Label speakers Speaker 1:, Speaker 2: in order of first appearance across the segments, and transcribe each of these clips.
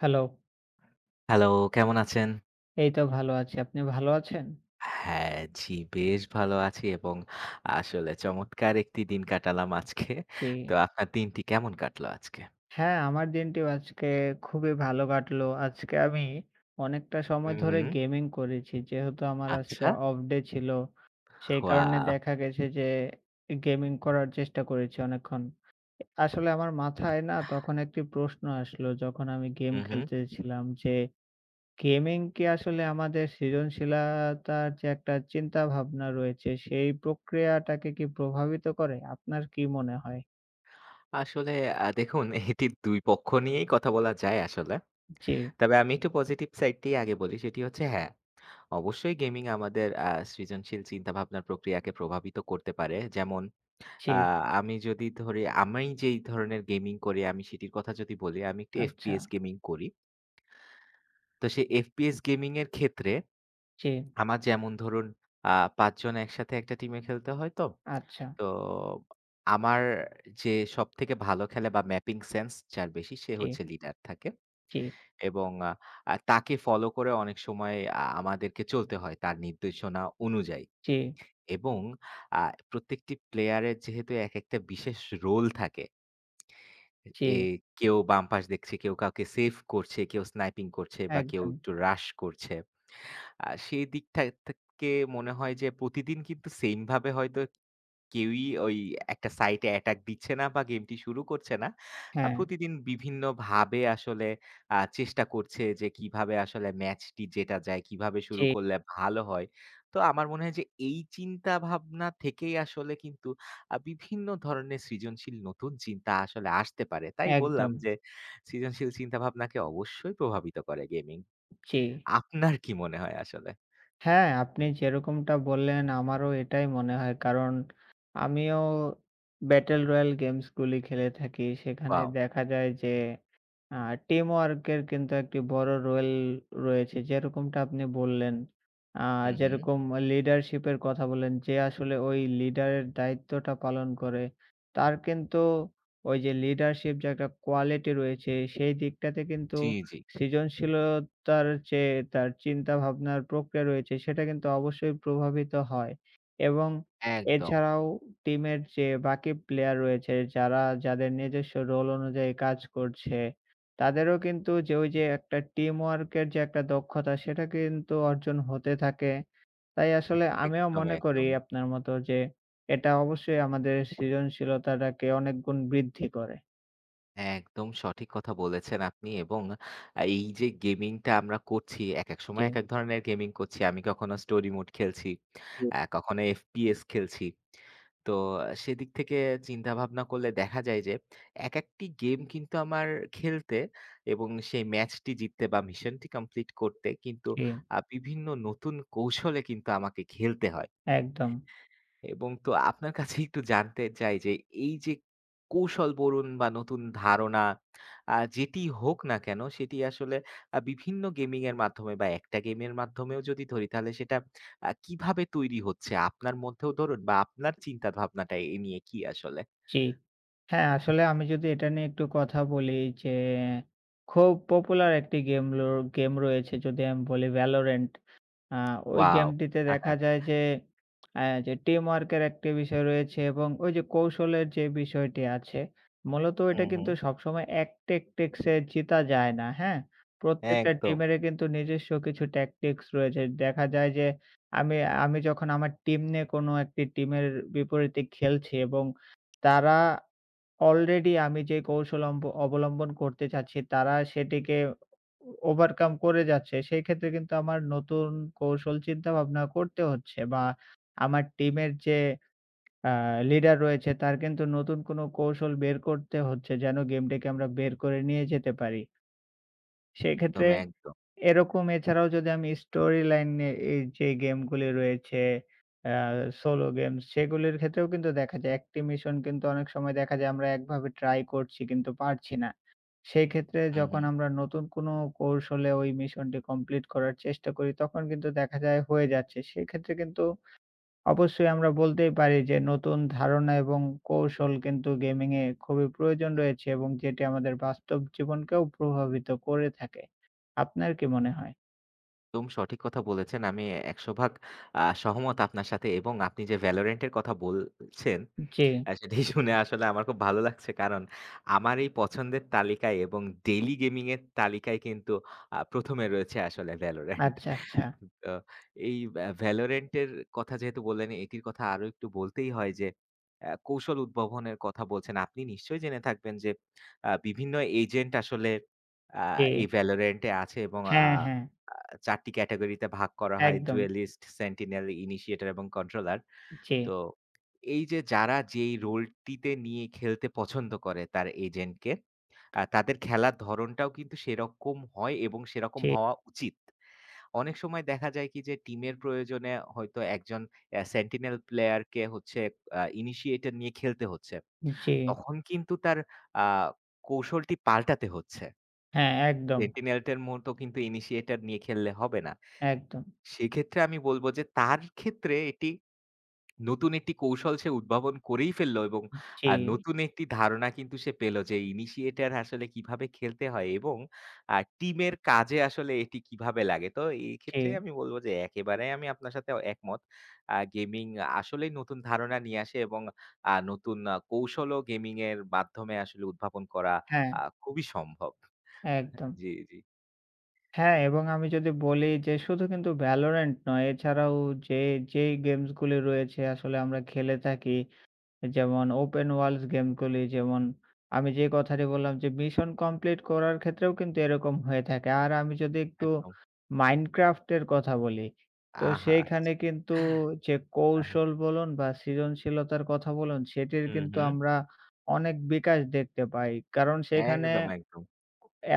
Speaker 1: Hello.
Speaker 2: Hello, কেমন আছেন?
Speaker 1: এই তো ভাল আছি। আপনি ভাল আছেন?
Speaker 2: হ্যাঁ। জি, বেশ ভালো আছি এবং আসলে চমৎকার একটি দিন কাটালাম আজকে। তো
Speaker 1: হুম।
Speaker 2: আপনার দিনটি কেমন কাটলো আজকে?
Speaker 1: হ্যাঁ। আমার দিনটিও আজকে খুবই ভালো কাটলো। আজকে আমি অনেকটা সময়
Speaker 2: হুম,
Speaker 1: ধরে
Speaker 2: হুম।
Speaker 1: গেমিং করেছি। যেহেতু আমার আজকে
Speaker 2: আচ্ছা।
Speaker 1: অফ ডে ছিল। সেই কারণে
Speaker 2: ওয়াও!
Speaker 1: দেখা গেছে যে। গেমিং করার চেষ্টা করেছি অনেকক্ষণ। আ আসলে আমার মাথায় না তখন একটি প্রশ্ন আসলো যখন আমি গেম
Speaker 2: হুম, হুম।
Speaker 1: খেলতেছিলাম। যে গেমিং কি আসলে আমাদের সৃজনশীলাতার যে একটা চিন্তা-ভাবনা রয়েছে। সেই প্রক্রিয়াটাকে কি প্রভাবিত করে আপনার কী মনে হয়?
Speaker 2: আসলে আ দেখুন। এটি দুই পক্ষ নিয়েই কথা বলা যায় আসলে।
Speaker 1: জি।
Speaker 2: তবে আমি একটু পজিটিভ সাইড টাই আগে বলি। সেটি হচ্ছে হ্যাঁ। অবশ্যই গেমিং আমাদের আ সৃজনশীল চিন্তাভাবনার প্রক্রিয়াকে প্রভাবিত করতে পারে। যেমন আ
Speaker 1: জি।
Speaker 2: আমি যদি ধরে আমি যেই ধরনের গেমিং করি আমি সেটির কথা যদি বলি আমি একটু FPS
Speaker 1: আচ্ছা।
Speaker 2: গেমিং করি। তো সে FPS গেমিং এর ক্ষেত্রে।
Speaker 1: জ্বি।
Speaker 2: আমার যেমন ধরুন আ ৫ জন একসাথে একটা টিমে খেলতে হয় তো।
Speaker 1: আচ্ছা।
Speaker 2: তো আমার যে সবথেকে ভালো খেলে বা, ম্যাপিং সেন্স যার বেশি সে
Speaker 1: জি।
Speaker 2: হচ্ছে লিডার থাকে।
Speaker 1: জি।
Speaker 2: এবং আ তাকে ফলো করে অনেক সময় আ আমাদেরকে চলতে হয় তার নির্দেশনা অনুযায়ী।
Speaker 1: জি।
Speaker 2: এবং আ প্রত্যেকটি প্লেয়ার এর যেহেতু এক একটা বিশেষ রোল থাকে। এ
Speaker 1: জি।
Speaker 2: কেউ বাম পাশ দেখছে, কেউ কাউকে সেভ করছে, কেউ স্নাইপিং করছে বা, কেউ
Speaker 1: একদম।
Speaker 2: একটু রাশ করছে। আ সে দিক থা থে থেকে মনে হয় যে প্রতিদিন কিন্তু সেম ভাবে হয়তো কেউই ওই একটা সাইটে অ্যাটাক দিচ্ছে না বা গেমটি শুরু করছে না। আ
Speaker 1: হ্যাঁ।
Speaker 2: প্রতিদিন বিভিন্নভাবে আসলে আ চেষ্টা করছে। যে কীভাবে আসলে ম্যাচটি জেতা যায়। কীভাবে শুরু
Speaker 1: জি।
Speaker 2: করলে ভালো হয়। তো আমার মনে হয় যে এই চিন্তাভাবনা থেকেই আসলে কিন্তু আ বিভিন্ন ধরনের সৃজনশীল নতুন চিন্তা আসলে আসতে পারে তাই বললাম।
Speaker 1: একদম।
Speaker 2: যে সৃজনশীল চিন্তাভাবনাকে অবশ্যই প্রভাবিত করে গেমিং।
Speaker 1: জি।
Speaker 2: আপনার কি মনে হয় আসলে?
Speaker 1: হ্যাঁ, আপনি যেরকমটা বললেন আমারও এটাই মনে হয়। কারণ আমিও Battle Royal গেমসগুলি খেলে থাকি। সেখানে
Speaker 2: ওয়াও।
Speaker 1: দেখা যায় যে আ টিমওয়ার্ক এর কিন্তু একটি বড় রোল রয়েছে। যেরকমটা আপনি বললেন। আ
Speaker 2: হুম, হুম।
Speaker 1: যেরকম লিডারশিপ এর কথা বলেন। যে আসলে ঐ লিডারের দায়িত্বটা পালন করে। তার কিন্তু ওই যে লিডারশিপ যে একটা কোয়ালিটি রয়েছে সেই দিকটাতে কিন্তু
Speaker 2: জি, জি।
Speaker 1: সৃজনশীলতার চেয়ে তার চিন্তা-ভাবনার প্রক্রিয়া রয়েছে। সেটা কিন্তু অবশ্যই প্রভাবিত হয় এবং
Speaker 2: একদম।
Speaker 1: এছাড়াও টিমের যে বাকি প্লেয়ার রয়েছে। যারা যাদের নিজস্ব রোল অনুযায়ী কাজ করছে। তাদেরও কিন্তু যে, ওই যে একটা টিম ওয়ার্কের যে একটা দক্ষতা সেটা কিন্তু অর্জন হতে থাকে। তাই আসলে আমিও
Speaker 2: একদমই,
Speaker 1: মনে করি
Speaker 2: একদমই।
Speaker 1: আপনার মতো যে এটা অবশ্যই আমাদের সৃজনশীলতাটাকে অনেক গুণ বৃদ্ধি করে।
Speaker 2: একদম সঠিক কথা বলেছেন আপনি। এবং আ এই যে গেমিংটা আমরা করছি এক, এক সময় এক,
Speaker 1: জ্বি।
Speaker 2: এক ধরনের গেমিং করছি। আমি কখনো স্টোরি মোড খেলছি।
Speaker 1: [unintelligible]
Speaker 2: আ কখনো FPS খেলছি। তো সেদিক থেকে চিন্তা-ভাবনা করলে দেখা যায় যে এক, একটি গেম কিন্তু আমার খেলতে এবং সেই ম্যাচটি জিততে বা, মিশনটি কমপ্লিট করতে কিন্তু
Speaker 1: জি।
Speaker 2: আ বিভিন্ন নতুন কৌশলে কিন্তু আমাকে খেলতে হয়।
Speaker 1: একদম।
Speaker 2: এবং তো আপনার কাছে একটু জানতে চাই যে। এই যে কৌশল বলুন বা নতুন ধারণা আ যেটিই হোক না কেন। সেটি আসলে আ বিভিন্ন গেমিংয়ের মাধ্যমে বা একটা গেমের মাধ্যমেও যদি ধরি তাহলে সেটা আ কীভাবে তৈরি হচ্ছে আপনার মধ্যেও ধরুন বা আপনার চিন্তা ভাবনাটা এ নিয়ে কি আসলে?
Speaker 1: জ্বি। হ্যাঁ, আসলে আমি যদি এটা নিয়ে একটু কথা বলি। যে খুব পপুলার একটি গেম লো গেম র রয়েছে যদি আমি বলি ভ্যালোরেন্ট। আ ওই
Speaker 2: ওয়াও!
Speaker 1: গেমটিতে দেখা যায় যে। আ যে টিম ওয়ার্কের একটি বিষয় রয়েছে এবং ওই যে কৌশলের যে বিষয়টি আছে মূলত ওইটা
Speaker 2: হুম, হুম।
Speaker 1: কিন্তু সবসময় এক টেক টেক্সে জিতা যায় না। হ্যাঁ? প্রত্যেকটা
Speaker 2: একদম।
Speaker 1: টিমেরে কিন্তু নিজস্ব কিছু ট্যাকটিক্স রয়েছে। দেখা যায় যে আমি আমি যখন এখন আমার টিম নিয়ে কোনো একটি টিমের বিপরীতে খেলছি এবং তারা অলরেডি আমি যে কৌশল অম্ব অবলম্বন করতে চাচ্ছি তারা সেটিকে ও ওভারকাম করে যাচ্ছে। সেক্ষেত্রে কিন্তু আমার নতুন কৌশল চিন্তাভাবনা করতে হচ্ছে। বা আমার টিমের যে আ লিডার রয়েছে তার কিন্তু নতুন কোনো কৌশল বের করতে হচ্ছে। যেন গেমটিকে আমরা বের করে নিয়ে যেতে পারি। সেক্ষেত্রে।
Speaker 2: একদম, একদম।
Speaker 1: এরকম এছাড়াও যদি আমি স্টোরি লাইনে এই যে গেমগুলি রয়েছে। আ সোলো গেমস সেগুলির ক্ষেত্রেও কিন্তু দেখা যায়। একটি মিশন কিন্তু অনেক সময় দেখা যায় আমরা একভাবে ট্রাই করছি কিন্তু পারছি না। সেক্ষেত্রে
Speaker 2: হুম,
Speaker 1: যখন
Speaker 2: হুম।
Speaker 1: আমরা নতুন কোনো কৌশলে ওই মিশনটি কমপ্লিট করার চেষ্টা করি। তখন কিন্তু দেখা যায় হয়ে যাচ্ছে। সেক্ষেত্রে কিন্তু অবশ্যই আমরা বলতেই পারি যে নতুন ধারণা এবং কৌশল কিন্তু গেমিং-এ খুবই প্রয়োজন রয়েছে এবং যেটি আমাদের বাস্তব জীবনকেও প্রভাবিত করে থাকে। আপনার কি মনে হয়?
Speaker 2: একদম সঠিক কথা বলেছেন। আমি ১০০ ভাগ আ সহমত আপনার সাথে এবং আপনি যে 'ভ্যালরেন্টের' কথা বলছেন
Speaker 1: জ্বি।
Speaker 2: সেটি শুনে আসলে আমার খুব ভালো লাগছে। কারণ আমার এই পছন্দের তালিকায় এবং ডেইলি গেমিংয়ের তালিকায় কিন্তু আ ১ম এ রয়েছে আসলে `ভ্যালোরেন্ট।`
Speaker 1: আচ্ছা, আচ্ছা।
Speaker 2: তো এই ভা 'ভ্যালরেন্টের' কথা যেহেতু বললেন এটির কথা আরো একটু বলতেই হয়। যে আ কৌশল উদ্ভাবনের কথা বলছেন। আপনি নিশ্চয়ই জেনে থাকবেন যে আ বিভিন্ন এজেন্ট আসলে আ
Speaker 1: জ্বি।
Speaker 2: এই 'ভ্যালরেন্টে' আছে এবং আ
Speaker 1: হ্যাঁ, হ্যাঁ।
Speaker 2: ৪ টি ক্যাটাগরিতে ভাগ করা হয়।
Speaker 1: একদম।
Speaker 2: জুয়েলিস্ট, সেন্টিনেল, ইনিশিয়েটর, এবং কন্ট্রোলার।
Speaker 1: জ্বি।
Speaker 2: তো এই যে যারা যেই রোলটিতে নিয়ে খেলতে পছন্দ করে তার এজেন্টকে। আ তাদের খেলার ধরনটাও কিন্তু সেরকম হয় এবং সেরকম
Speaker 1: জ্বি।
Speaker 2: হওয়া উচিত। অনেক সময় দেখা যায় কি। যে টিমের প্রয়োজনে হয়তো একজন অ্যা সেন্টিনেল প্লেয়ারকে হচ্ছে আ ইনিশিয়েটর নিয়ে খেলতে হচ্ছে।
Speaker 1: উম জ্বি।
Speaker 2: তখন কিন্তু তার আ কৌশলটি পাল্টাতে হচ্ছে।
Speaker 1: হ্যাঁ, একদম।
Speaker 2: সেন্টিনেলটের মতো কিন্তু ইনিশিয়েটর নিয়ে খেললে হবে না।
Speaker 1: একদম।
Speaker 2: সেক্ষেত্রে আমি বলবো যে তার ক্ষেত্রে এটি নতুন একটি কৌশল সে উদ্ভাবন করেই ফেললো এবং
Speaker 1: উম জি।
Speaker 2: আ নতুন একটি ধারণা কিন্তু সে পেলো যে ইনিশিয়েটর আসলে কীভাবে খেলতে হয় এবং আ টিমের কাজে আসলে এটি কীভাবে লাগে? তো এই ক্ষেত্রে
Speaker 1: জ্বি।
Speaker 2: আমি বলবো যে একেবারে আমি আপনার সাথে একমত। আ গেমিং আসলেই নতুন ধারণা নিয়ে আসে এবং আ নতুন কৌশলও গেমিংয়ের মাধ্যমে আসলে উদ্ভাবন করা
Speaker 1: হ্যাঁ।
Speaker 2: আ খুবই সম্ভব।
Speaker 1: একদম।
Speaker 2: জ্বি, জ্বি।
Speaker 1: হ্যাঁ। এবং আমি যদি বলি যে শুধু কিন্তু ভ্যালরেন্ট নয়। এছাড়াও যে যেই গেমসগুলি রয়েছে আসলে আমরা খেলে থাকি। যেমন ওপেন ওয়ার্ল্ডস গেমসগুলি যেমন আমি যে কথাটি বললাম। যে মিশন কমপ্লিট করার ক্ষেত্রেও কিন্তু এরকম হয়ে থাকে। আর আমি যদি একটু
Speaker 2: একদম।
Speaker 1: মাইনক্রাফটের কথা বলি। তো
Speaker 2: আহা।
Speaker 1: সেইখানে কিন্তু
Speaker 2: হ্যাঁ,
Speaker 1: যে
Speaker 2: হ্যাঁ।
Speaker 1: কৌশল বলুন বা সৃজনশীলতার কথা বলুন। সেটির
Speaker 2: হুম,
Speaker 1: কিন্তু
Speaker 2: হুম।
Speaker 1: আমরা অনেক বিকাশ দেখতে পাই। কারণ সেখানে
Speaker 2: একদম, একদম।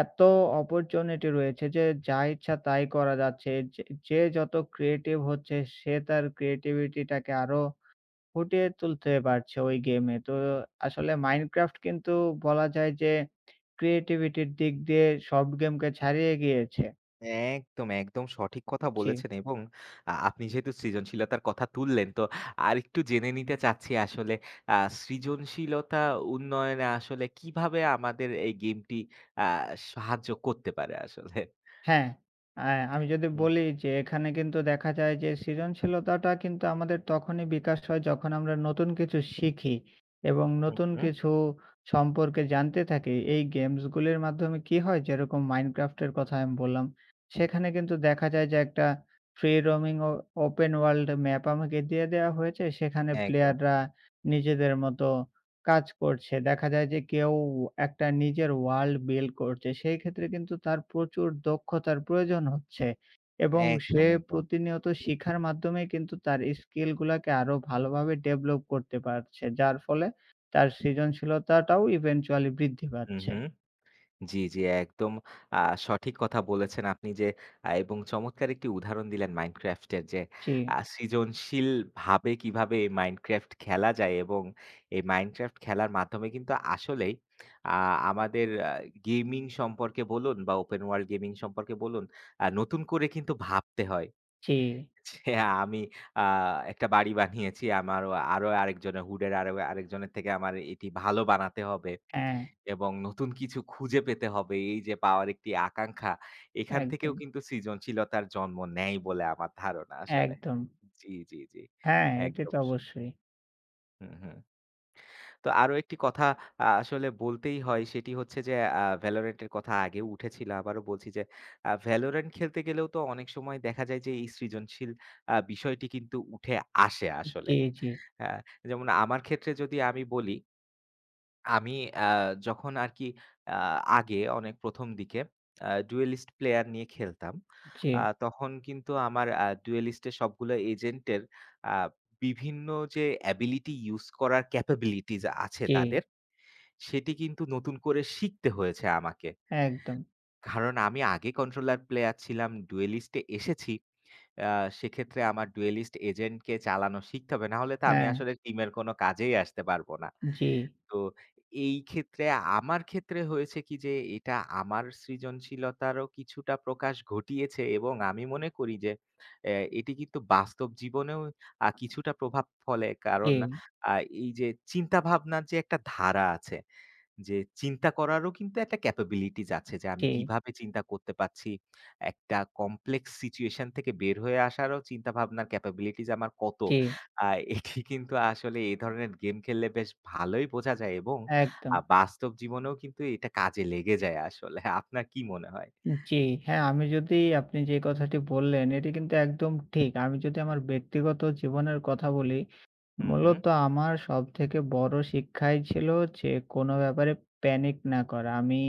Speaker 1: এত অপরচুনিটি রয়েছে যে যা ইচ্ছা তাই করা যাচ্ছে। যে যে যত ক্রিয়েটিভ হচ্ছে সে তার ক্রিয়েটিভিটি-টাকে আরো ফুটিয়ে তুলতে পারছে ওই গেম-এ। তো আসলে মাইনক্রাফট কিন্তু বলা যায় যে ক্রিয়েটিভিটির দিক দিয়ে সব গেম কে ছাড়িয়ে গিয়েছে।
Speaker 2: একদম, একদম। সঠিক কথা
Speaker 1: জী।
Speaker 2: বলেছেন এবং আ আপনি যেহেতু সৃজনশীলতার কথা তুললেন। তো আরেকটু জেনে নিতে চাচ্ছি আসলে। আ সৃজনশীলতা উন্নয়নে আসলে কীভাবে আমাদের এই গেমটি আ সাহায্য করতে পারে আসলে?
Speaker 1: হ্যাঁ। এ্যা আমি যদি
Speaker 2: হুম।
Speaker 1: বলি যে এখানে কিন্তু দেখা যায় যে সৃজনশীলতাটা কিন্তু আমাদের তখনই বিকাশ হয়। যখন আমরা নতুন কিছু শিখি। এবং
Speaker 2: হুম,
Speaker 1: নতুন
Speaker 2: হুম।
Speaker 1: কিছু সম্পর্কে জানতে থাকি। এই গেমসগুলির মাধ্যমে কী হয়। যেরকম মাইনক্রাফটের কথা আমি বললাম। সেখানে কিন্তু দেখা যায় যে একটা ফ্রি রোমিং ও ওপেন ওয়ার্ল্ড ম্যাপ আমাকে দিয়ে দেওয়া হয়েছে। সেখানে
Speaker 2: একদম।
Speaker 1: প্লেয়াররা নিজেদের মতো কাজ করছে। দেখা যায় যে কেউ একটা নিজের ওয়ার্ল্ড বিল্ড করছে। সেই ক্ষেত্রে কিন্তু তার প্রচুর দক্ষতার প্রয়োজন হচ্ছে। এবং
Speaker 2: একদম,
Speaker 1: সে
Speaker 2: একদম।
Speaker 1: প্রতিনিয়ত শিখার মাধ্যমেই কিন্তু তার স্কিলগুলাকে আরও ভালোভাবে ডেভেলপ করতে পারছে। যার ফলে তার সৃজনশীলতাটাও ইভেনচুয়ালি বৃদ্ধি
Speaker 2: হুম,
Speaker 1: পাচ্ছে।
Speaker 2: হুম। জি, জি। একদম আ সঠিক কথা বলেছেন আপনি। যে আ এবং চমৎকার একটি উদাহরণ দিলেন মাইনক্রাফটের। যে আ
Speaker 1: জি।
Speaker 2: সৃজনশীলভাবে কীভাবে এ মাইনক্রাফট খেলা যায় এবং এই মাইনক্রাফট খেলার মাধ্যমে কিন্তু আসলেই আ আমাদের গেমিং সম্পর্কে বলুন বা ওপেন ওয়ার্ল্ড গেমিং সম্পর্কে বলুন। আ নতুন করে কিন্তু ভাবতে হয়।
Speaker 1: জি।
Speaker 2: যে আমি আ একটা বাড়ি বানিয়েছি। আমার আরো আরেকজনের হুডের, আরো আরেকজনের থেকে আমার এটি ভালো বানাতে হবে।
Speaker 1: হ্যাঁ।
Speaker 2: এবং নতুন কিছু খুঁজে পেতে হবে। এই যে পাওয়ার একটি আকাঙ্ক্ষা। এখান থেকেও
Speaker 1: একদম।
Speaker 2: কিন্তু সৃজনশীলতার জন্ম নেয় বলে আমার ধারণা আসলে।
Speaker 1: একদম।
Speaker 2: জ্বি, জ্বি, জ্বি।
Speaker 1: হ্যাঁ, এটা
Speaker 2: একদম
Speaker 1: তো
Speaker 2: আসলে।
Speaker 1: অবশ্যই।
Speaker 2: হুম, হুম। তো আরো একটি কথা আ আসলে বলতেই হয়। সেটি হচ্ছে যে আ ভ্যালরেন্টের কথা আগেও উঠেছিল। আবারো বলছি যে আ ভ্যালরেন্ট খেলতে গেলেও তো অনেক সময় দেখা যায় যে এই সৃজনশীল আ বিষয়টি কিন্তু উঠে আসে
Speaker 1: উ
Speaker 2: আসলে।
Speaker 1: জী, জী।
Speaker 2: আ যেমন আমার ক্ষেত্রে যদি আমি বলি আমি আ যখন আরকি আ আগে অনেক ১ম দিকে। আ ডুয়েলিস্ট প্লেয়ার নিয়ে খেলতাম।
Speaker 1: উ জ্বি।
Speaker 2: আ তখন কিন্তু আমার আ ডুয়েলিস্টের সবগুলো এজেন্টের আ বিভিন্ন যে অ্যাবিলিটি ইউজ করার ক্যাপাবিলিটিজ আছে
Speaker 1: জ্বি।
Speaker 2: তাদের। সেটি কিন্তু নতুন করে শিখতে হয়েছে আমাকে।
Speaker 1: একদম।
Speaker 2: কারণ, আমি আগে কন্ট্রোলার প্লেয়ার ছিলাম। ডুয়েলিস্টে-এ এসেছি। আ সেক্ষেত্রে আমার ডুয়েলিস্ট এজেন্টকে চালানো শিখতে হবে। নাহলে তো আমি
Speaker 1: হ্যাঁ।
Speaker 2: আসলে টিমের কোনো কাজেই আসতে পারব না।
Speaker 1: জি।
Speaker 2: তো এই ক্ষেত্রে আমার ক্ষেত্রে হয়েছে কি যে। এটা আমার সৃজনশীলতারও কিছুটা প্রকাশ ঘটিয়েছে এবং আমি মনে করি যে এ এটি কিন্তু বাস্তব জীবনেও আ কিছুটা প্রভাব ফলে। কারণ
Speaker 1: জি।
Speaker 2: আ এই যে চিন্তাভাবনার যে একটা ধারা আছে। যে চিন্তা করারও কিন্তু একটা ক্যাপাবিলিটিজ আছে যে আমি
Speaker 1: জি।
Speaker 2: কীভাবে চিন্তা করতে পারছি। একটা কমপ্লেক্স সিচুয়েশন থেকে বের হয়ে আসারও চিন্তাভাবনার ক্যাপাবিলিটিজ আমার কত?
Speaker 1: জ্বি।
Speaker 2: আ এটি কিন্তু আসলে এ ধরনের গেম খেললে বেশ ভালোই বোঝা যায় এবং আ
Speaker 1: একদম।
Speaker 2: বাস্তব জীবনেও কিন্তু এটা কাজে লেগে যায় আসলে আপনার কি মনে হয়?
Speaker 1: জি, হ্যাঁ। আমি যদি আপনি যে কথাটি বললেন এটি কিন্তু একদম ঠিক। আমি যদি আমার ব্যক্তিগত জীবনের কথা বলি।
Speaker 2: হুম, হুম।
Speaker 1: মূলত আমার সবথেকে বড়ো শিক্ষাই ছিল যে কোনো ব্যাপারে প্যানিক না করা। আমি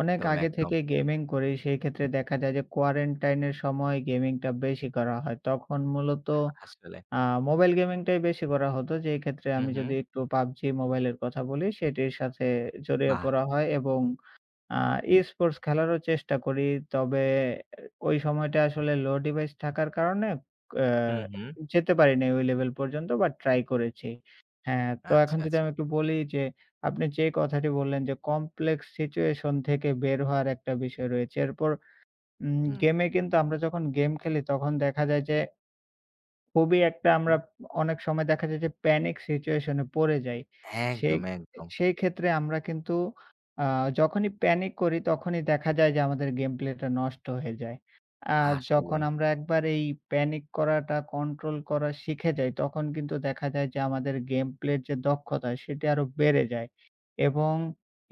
Speaker 1: অনেক
Speaker 2: একদম,
Speaker 1: আগে
Speaker 2: একদম।
Speaker 1: থেকে গেমিং করি সেই ক্ষেত্রে দেখা যায় যে quarantine -এর সময় গেমিংটা বেশি করা হয়। তখন মূলত
Speaker 2: আসলে।
Speaker 1: আ মোবাইল গেমিংটাই বেশি করা হতো। যে ক্ষেত্রে
Speaker 2: হুম,
Speaker 1: আমি যদি
Speaker 2: হুম।
Speaker 1: একটু PUBG মোবাইলের কথা বলি সেটির সাথে জড়িয়ে
Speaker 2: বাহ!
Speaker 1: পড়া হয় এবং আ ই-স্পোর্টস খেলারও চেষ্টা করি। তবে আ ওই সময়টা আসলে লো ডিভাইস থাকার কারণে এ্যা
Speaker 2: হুম, হুম।
Speaker 1: যেতে পারি নাই ওই লেভেল পর্যন্ত বা ট্রাই করেছি। হ্যাঁ, তো
Speaker 2: আচ্ছা,
Speaker 1: এখন যদি
Speaker 2: আচ্ছা।
Speaker 1: আমি একটু বলি যে আপনি যে কথাটি বললেন। যে কমপ্লেক্স সিচুয়েশন থেকে বের হওয়ার একটা বিষয় রয়েছে। এরপর উম
Speaker 2: হুম।
Speaker 1: গেমে কিন্তু আমরা যখন গেম খেলি তখন দেখা যায় যে খুবই একটা আমরা।
Speaker 2: [unintelligible]
Speaker 1: অনেক সময় দেখা যায় যে প্যানিক সিচুয়েশন এ পড়ে যাই। সেই
Speaker 2: একদম, একদম।
Speaker 1: সেই ক্ষেত্রে আমরা কিন্তু আ যখনই প্যানিক করি তখনই দেখা যায় যে আমাদের গেম প্লে টা নষ্ট হয়ে যায়। আর যখন
Speaker 2: আসলে।
Speaker 1: আমরা একবার এই প্যানিক করাটা কন্ট্রোল করা শিখে যাই। তখন কিন্তু দেখা যায় যে আমাদের গেম প্লে এর যে দক্ষতা সেটি আরো বেড়ে যায়। এবং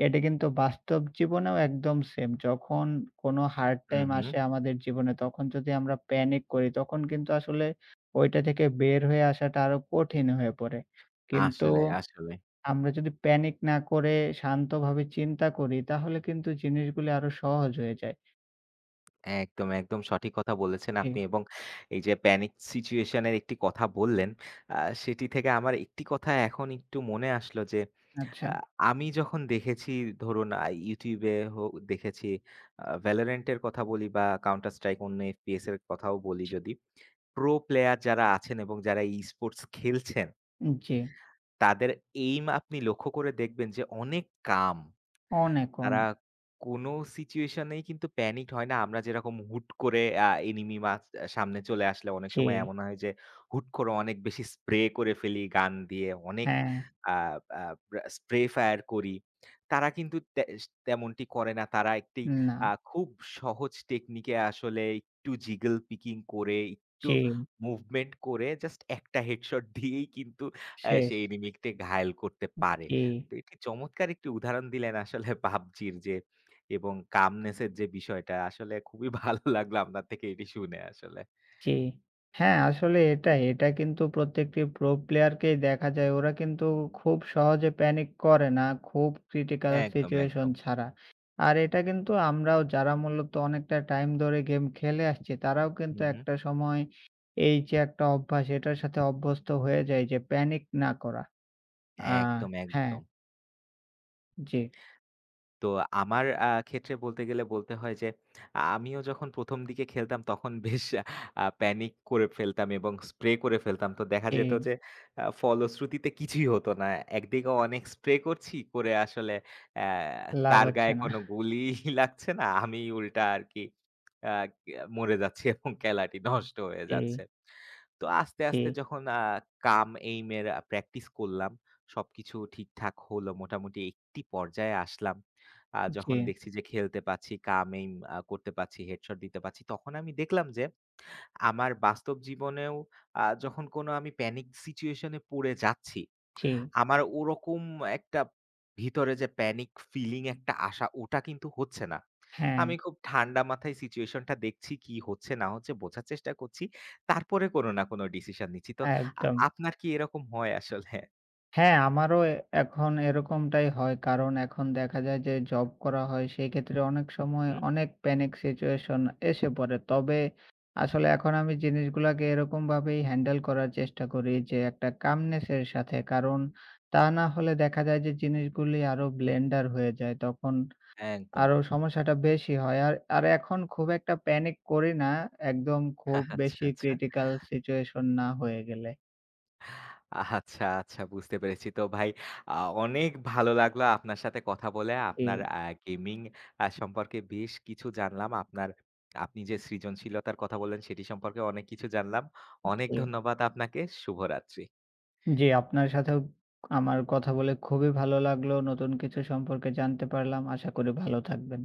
Speaker 1: এটা কিন্তু বাস্তব জীবনেও একদম সেম। যখন কোন হার্ড
Speaker 2: হুম,
Speaker 1: টাইম
Speaker 2: হুম।
Speaker 1: আসে আমাদের জীবনে। তখন যদি আমরা প্যানিক করি তখন কিন্তু আসলে ঐটা থেকে বের হয়ে আসাটা আরও কঠিন হয়ে পড়ে। কিন্তু
Speaker 2: আসলে, আসলে।
Speaker 1: আমরা যদি প্যানিক না করে শান্তভাবে চিন্তা করি। তাহলে কিন্তু জিনিসগুলি আরও সহজ হয়ে যায়।
Speaker 2: একদম, একদম। সঠিক কথা বলেছেন আপনি
Speaker 1: হুম।
Speaker 2: এবং এই যে প্যানিক সিচুয়েশনের একটি কথা বললেন আ সেটি থেকে আমার একটি কথা এখন একটু মনে আসলো যে। আ
Speaker 1: আচ্ছা।
Speaker 2: আমি যখন দেখেছি ধরুন আ YouTube-এ হো দেখেছি। আ ভ্যালরেন্টের কথা বলি বা কাউন্টার স্ট্রাইক অন্য FPS এর কথাও বলি
Speaker 1: [unintelligible]
Speaker 2: যদি। প্রো প্লেয়ার যারা আছেন এবং যারা ই-স্পোর্টস খেলছেন
Speaker 1: উ জী।
Speaker 2: তাদের এইম আপনি লক্ষ্য করে দেখবেন যে অনেক calm।
Speaker 1: অনেক, অন
Speaker 2: তারা কোন সিচুয়েশনেই কিন্তু প্যানিক হয় না। আমরা যেরকম হুট করে আ এনিমি মাস্ক সামনে চলে আসলে অনেক সময়
Speaker 1: জি।
Speaker 2: এমন হয় যে। হুট করে অনেক বেশি স্প্রে করে ফেলি গান দিয়ে অনেক
Speaker 1: হ্যাঁ।
Speaker 2: আ আ স্প্রে ফায়ার করি। তারা কিন্তু ত্যাস তেমনটি করে না তারা একটি আ
Speaker 1: না।
Speaker 2: খুব সহজ টেকনিকে আসলে একটু জিগল পিকিং করে। একটু
Speaker 1: জ্বি।
Speaker 2: মুভমেন্ট করে জাস্ট একটা হেড শট দিয়েই কিন্তু আ
Speaker 1: শেষ।
Speaker 2: সেই এনিমিকে ঘায়েল করতে
Speaker 1: উ
Speaker 2: পারে।
Speaker 1: জি।
Speaker 2: তো এটি চমৎকার একটি উদাহরণ দিলেন আসলে পাবজির যে। এবং calmness এর যে বিষয়টা আসলে খুবই ভালো লাগলো আপনার থেকে এটি শুনে আসলে।
Speaker 1: জি।
Speaker 2: হুম।
Speaker 1: হ্যাঁ আসলে এটাই। এটা কিন্তু প্রত্যেকটি প্রো প্লেয়ার কেই দেখা যায়। ওরা কিন্তু খুব সহজে প্যানিক করে না। খুব ক্রিটিকাল
Speaker 2: একদম,
Speaker 1: সিচুয়েশন
Speaker 2: একদম।
Speaker 1: ছাড়া। আর এটা কিন্তু আমরাও যারা মূলত অনেকটা টাইম ধরে গেম খেলে আসছি তারাও কিন্তু
Speaker 2: হুম, হুম।
Speaker 1: একটা সময় এই যে একটা অভ্যাস এটার সাথে অভ্যস্ত হয়ে যায়। যে প্যানিক না করা। আ
Speaker 2: হ্যাঁ একদম,
Speaker 1: হ্যাঁ।
Speaker 2: একদম।
Speaker 1: জি।
Speaker 2: তো আমার আ ক্ষেত্রে বলতে গেলে বলতে হয় যে। আমিও যখন ১ম দিকে খেলতাম তখন বেশ আ প্যানিক করে ফেলতাম এবং স্প্রে করে ফেলতাম। তো দেখা যেত
Speaker 1: জি।
Speaker 2: যে আ ফলশ্রুতিতে কিছুই হত না। একদিকেও অনেক স্প্রে করছি। করে আসলে এ্যা
Speaker 1: লাভ
Speaker 2: তার
Speaker 1: হচ্ছে
Speaker 2: গায়ে
Speaker 1: না।
Speaker 2: কোনো গুলি লাগছে না আমি উল্টা আর কি আ মরে যাচ্ছি এবং খেলাটি নষ্ট হয়ে
Speaker 1: জি।
Speaker 2: যাচ্ছে। তো আস্তে, আস্তে
Speaker 1: জি।
Speaker 2: যখন আ কাম এইম এর প্র্যাকটিস করলাম। সবকিছু ঠিকঠাক হলো মোটামুটি একটি পর্যায়ে আসলাম। আ যখন
Speaker 1: জি।
Speaker 2: দেখছি যে খেলতে পারচ্ছি কাম এইম আ করতে পারছি। হেড শট দিতে পারছি। তখন আমি দেখলাম যে। আমার বাস্তব জীবনেও আ যখন কোন আমি প্যানিক সিচুয়েশন এ পড়ে যাচ্ছি।
Speaker 1: জ্বি।
Speaker 2: আমার ওরকম একটা ভিতরে যে প্যানিক ফিলিং একটা আশা ওটা কিন্তু হচ্ছে না।
Speaker 1: হ্যাঁ।
Speaker 2: আমি খুব ঠান্ডা মাথায় সিচুয়েশন টা দেখছি কি হচ্ছে না হচ্ছে বোঝার চেষ্টা করছি। তারপরে কোনো না কোনো ডিসিশন নিচ্ছি। তো আ
Speaker 1: একদম।
Speaker 2: আপনার কি এরকম হয় আসলে?
Speaker 1: হ্যাঁ। আমারও এখন এরকমটাই হয়। কারণ এখন দেখা যায় যে জব করা হয় সেক্ষেত্রে অনেক সময়
Speaker 2: হুম।
Speaker 1: অনেক প্যানিক সিচুয়েশন এসে পড়ে। তবে আসলে এখন আমি জিনিসগুলাকে এরকমভাবেই হ্যান্ডেল করার চেষ্টা করি। যে একটা কামনেস এর সাথে। কারণ তা না হলে দেখা যায় যে জিনিসগুলি আরো ব্লেন্ডার হয়ে যায়। তখন
Speaker 2: একদম।
Speaker 1: আরো সমস্যাটা বেশি হয়। আর আর এখন খুব একটা প্যানিক করি না। একদম খুব
Speaker 2: আচ্ছা,
Speaker 1: বেশি
Speaker 2: আচ্ছা।
Speaker 1: ক্রিটিকাল সিচুয়েশন না হয়ে গেলে।
Speaker 2: আচ্ছা। আচ্ছা। বুঝতে পেরেছি। তো ভাই আ অনেক ভালো লাগলো আপনার সাথে কথা বলে। আপনার
Speaker 1: জি।
Speaker 2: আ গেমিং আ সম্পর্কে বেশ কিছু জানলাম। আপনার আপনি যে সৃজনশীলতার কথা বললেন সেটি সম্পর্কে অনেক কিছু জানলাম। অনেক
Speaker 1: জী।
Speaker 2: ধন্যবাদ আপনাকে। শুভরাত্রি।
Speaker 1: জি। আপনার সাথেও আমার কথা বলে খুবই ভাল লাগলো। নতুন কিছু সম্পর্কে জানতে পারলাম। আশা করি ভালো থাকবেন।